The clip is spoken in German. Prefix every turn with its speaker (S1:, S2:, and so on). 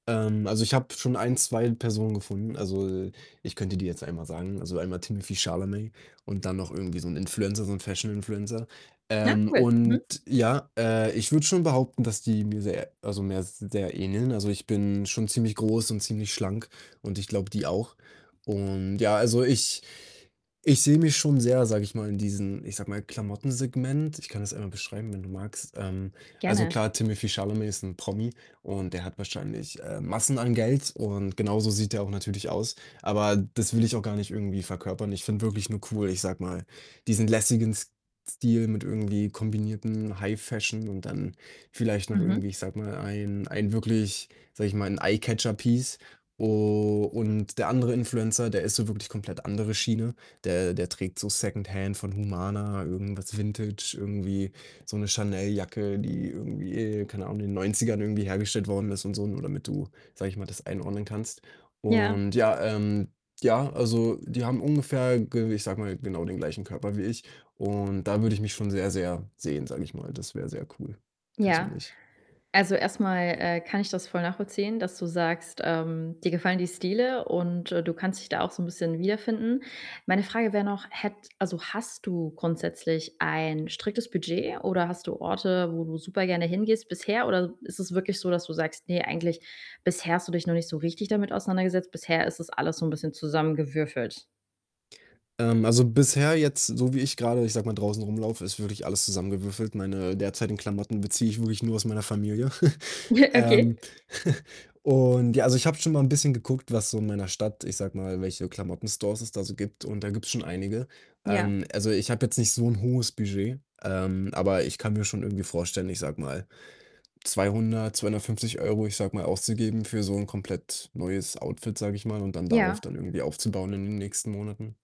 S1: Ähm, also, ich habe schon 1, 2 Personen gefunden. Also, ich könnte dir jetzt einmal sagen also, einmal Timothée Chalamet und dann noch irgendwie so 'n Influencer, so 'n Fashion-Influencer.
S2: Ja,
S1: Ähm,
S2: cool, mhm.
S1: und ja, äh, ich würde schon behaupten, dass die mir sehr also, mir sehr ähneln. Also, ich bin schon ziemlich groß und ziemlich schlank und ich glaube, die auch und, ja, also, ich ich sehe mich schon sehr, sage ich mal, in diesem, ich sage mal, Klamotten-Segment. Ich kann das einmal beschreiben, wenn du magst. Ähm, also,
S2: Gerne.
S1: klar, Timothée Chalamet ist 'n Promi, und der hat wahrscheinlich, äh, Massen an Geld und genauso sieht er auch natürlich aus. Aber das will ich auch gar nicht irgendwie verkörpern. Ich finde wirklich nur cool, ich sage mal, diesen lässigen S Stil mit irgendwie kombinierten High Fashion und dann vielleicht noch
S2: Mhm.
S1: irgendwie, ich sage mal, ein ein wirklich, sage ich mal 'n Eye-Catcher-Piece. U und der andere Influencer, der ist so wirklich komplett andere Schiene. Der der trägt so Secondhand von Humana, irgendwas Vintage, irgendwie so 'ne Chanel-Jacke, die irgendwie, keine Ahnung, in den 90ern irgendwie hergestellt worden ist und so, ne, nur damit du, sage ich mal, das einordnen kannst
S2: Ja.
S1: und, ja, ähm ja, also, die haben ungefähr ge ich sage mal, genau den gleichen Körper wie ich, und da würde ich mich schon sehr sehr sehen, sage ich mal. Das wäre sehr cool
S2: Ja.
S1: persönlich.
S2: Also, erst mal, äh, kann ich das voll nachvollziehen, dass du sagst, ähm, dir gefallen die Stile und, äh, du kannst dich da auch so 'n bisschen wiederfinden. Meine Frage wäre noch: Hätt also, hast du grundsätzlich ein striktes Budget, oder hast du Orte, wo du super gerne hingehst bisher? Oder ist es wirklich so, dass du sagst: „Ne, eigentlich” bisher hast du dich noch nicht so richtig damit auseinandergesetzt. Bisher ist es alles so 'n bisschen zusammengewürfelt.
S1: Ähm, also, bisher jetzt, so wie ich grade, ich sage mal, draußen rumlaufe, ist wirklich alles zusammengewürfelt. Meine derzeitigen Klamotten beziehe ich wirklich nur aus meiner Familie.
S2: Okay.
S1: ähm, und, ja, also, ich habe schon mal 'n bisschen geguckt, was so in meiner Stadt ich sage mal, welche Klamotten-Stores es da so gibt, und da gibt's schon einige.
S2: Ja.
S1: Ähm, also, ich habe jetzt nicht so 'n hohes Budget, ähm, aber ich kann mir schon irgendwie vorstellen, ich sage mal, 200, 250 €, ich sage mal, auszugeben für so 'n komplett neues Outfit, sage ich mal, und dann darauf
S2: Ja.
S1: dann irgendwie aufzubauen in den nächsten Monaten.